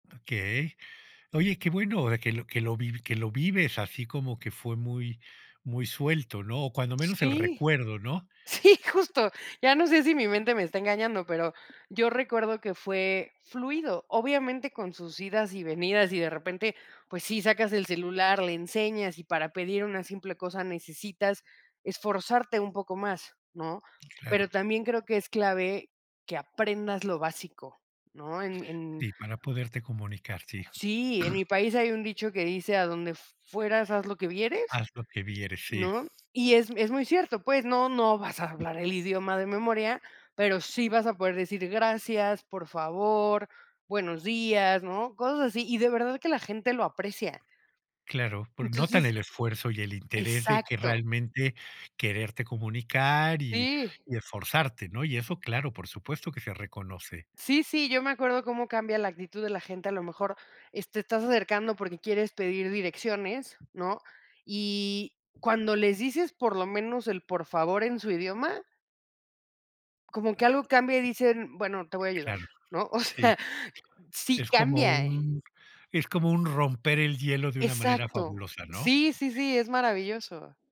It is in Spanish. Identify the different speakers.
Speaker 1: Okey. Oye, qué bueno, eh, que lo que lo vi que lo vives así. Como que fue muy muy suelto, ¿no? O cuando menos, el
Speaker 2: Sí.
Speaker 1: recuerdo, ¿no?
Speaker 2: Sí, justo. Ya no sé, si mi mente me está engañando, pero, yo recuerdo que fue fluido. Obviamente, con sus idas y venidas. Y de repente, pues sí, sacas el celular, le enseñas. Y para pedir una simple cosa, necesitas esforzarte un poco más, ¿no? Pero
Speaker 1: Claro.
Speaker 2: también, creo que es clave, que aprendas lo básico, ¿no? En en
Speaker 1: Sí, para poderte comunicar. Sí.
Speaker 2: Sí, en mi país, hay un dicho que dice: "A donde fueras, haz lo que vieres",
Speaker 1: Haz lo que vieres. Sí.
Speaker 2: ¿no? Y es es muy cierto, pues, no no vas a hablar el idioma de memoria, pero sí vas a poder decir: "Gracias, por favor, buenos días", ¿no?, cosas así. Y de verdad, que la gente lo aprecia.
Speaker 1: Claro, por Notan
Speaker 2: Entonces
Speaker 1: el esfuerzo, y el interés de que
Speaker 2: Exacto.
Speaker 1: realmente, quererte comunicar y
Speaker 2: Sí.
Speaker 1: y esforzarte, ¿no? Y eso claro, por supuesto, que se reconoce.
Speaker 2: Sí, sí. Yo me acuerdo, cómo cambia la actitud de la gente. A lo mejor, es te estás acercando, porque quieres pedir direcciones, ¿no? Y cuando les dices, por lo menos, el "por favor", en su idioma como que algo cambia, y dicen: "Bueno, te voy a ayudar",
Speaker 1: Claro,
Speaker 2: ¿no? O
Speaker 1: sí.
Speaker 2: sea, sí
Speaker 1: Es como
Speaker 2: cambia, eh
Speaker 1: un es como un romper el hielo, de una manera
Speaker 2: Exacto.
Speaker 1: fabulosa, ¿no?
Speaker 2: Sí, sí, sí, es maravilloso.